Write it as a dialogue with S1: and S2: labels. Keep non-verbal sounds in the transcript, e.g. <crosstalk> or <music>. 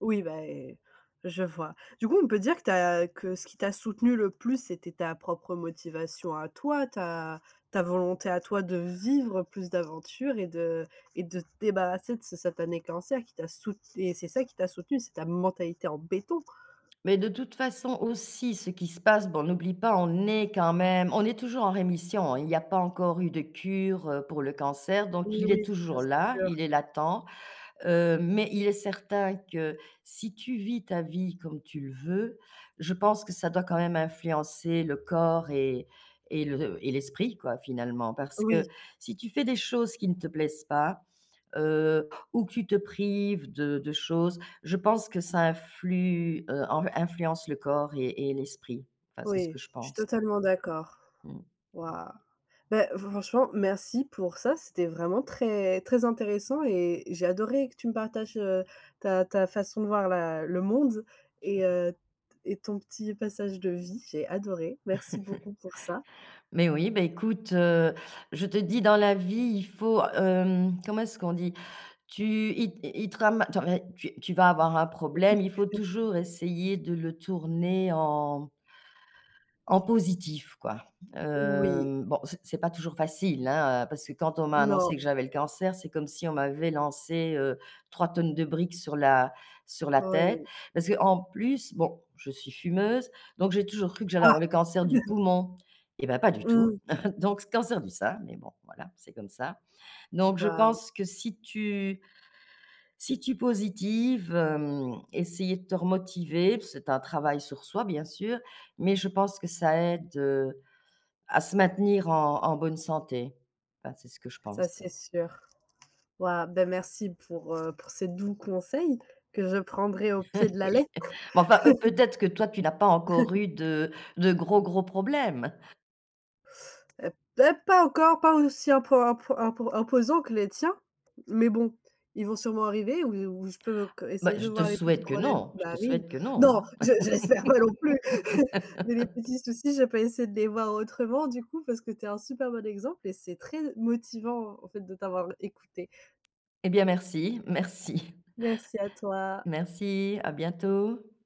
S1: Oui, ben, je vois. Du coup, on peut dire que tu as que ce qui t'a soutenu le plus, c'était ta propre motivation à toi, ta ta volonté à toi de vivre plus d'aventures, et de et de te débarrasser de ce satané cancer qui t'a soute et c'est ça qui t'a soutenu, c'est ta mentalité en béton.
S2: Mais de toute façon aussi ce qui se passe bon, n'oublie pas on est quand même on est toujours en rémission, il y a pas encore eu de cure, heu, pour le cancer donc
S1: Oui,
S2: il
S1: oui,
S2: est
S1: ça,
S2: toujours
S1: c'est
S2: là
S1: sûr.
S2: il est latent, heu, mais il est certain que si tu vis ta vie comme tu le veux, je pense que ça doit quand même influencer le corps et et le et l'esprit quoi, finalement, parce
S1: Oui.
S2: que si tu fais des choses qui ne te plaisent pas, heu, ou que tu te prives de de choses, je pense que ça influe heu, influence le corps et et l'esprit, enfin c'est ce que
S1: Oui,
S2: je
S1: je suis
S2: pense, hein.
S1: totalement d'accord.
S2: Mmh.
S1: Wouah! Ben franchement, merci pour ça, c'était vraiment très très intéressant et j'ai adoré que tu me partages, heu, ta ta façon de voir la le monde et heu, t et ton petit passage de vie, j'ai adoré. Merci
S2: <chuckles>
S1: beaucoup pour ça.
S2: Mais oui, ben écoute, heu, je te dis, dans la vie, il faut, hem, comment est-ce qu'on dit? Tu il il te rama attends, mais tu tu vas avoir un problème, il faut
S1: <unintelligible>
S2: toujours essayer de le tourner en en positif, quoi.
S1: Oui.
S2: Heu, bon, c'est c'est pas toujours facile, hein, parce que, quand on m'a
S1: Non.
S2: annoncé que j'avais le cancer, c'est comme si on m'avait lancé, heu, 3 t de briques sur la sur la tête.
S1: Oui.
S2: Parce qu'en plus, bon, je suis fumeuse, donc j'ai toujours cru que j'allais
S1: Ah!
S2: avoir le cancer du
S1: <unintelligible>
S2: poumon. Eh ben, pas du tout,
S1: Mmh.
S2: <chuckles> donc cancer du sein, mais bon, voilà, c'est comme ça, donc je
S1: Bah
S2: pense que si tu si tu positives, hem, essayer de te remotiver, c'est un travail sur soi, bien sûr, mais je pense que ça aide, heu, à se maintenir en en bonne santé. Enfin, c'est ce que je
S1: Ça
S2: pense.
S1: c'est sûr. Wouah! Bah merci pour, heu, pour ces doux conseils que je prendrai au pied de
S2: <laughs>
S1: la
S2: Oui,
S1: lettre.
S2: mais enfin, peut
S1: <chuckles>
S2: être que toi, tu n'as pas encore eu
S1: <chuckles>
S2: de de gros gros problèmes.
S1: Heu, pas pas encore, pas aussi impo impo impo -imposant que les tiens. Mais bon, ils vont sûrement arriver, ou je ou je peux
S2: Bah
S1: essayer de
S2: je te
S1: voir les petits
S2: souhaite que
S1: problèmes
S2: non,
S1: qui
S2: je te
S1: arrivent
S2: souhaite que non,
S1: non,
S2: hein.
S1: je je l'espère pas non plus. <chuckles> Mais les
S2: <laughs>
S1: petits soucis, je peux essayer de les voir autrement, du coup, parce que tu es un super bon exemple, et c'est très motivant, en fait, de t'avoir écouté.
S2: Et bien, merci merci.
S1: Merci à toi!
S2: Merci, à bientôt.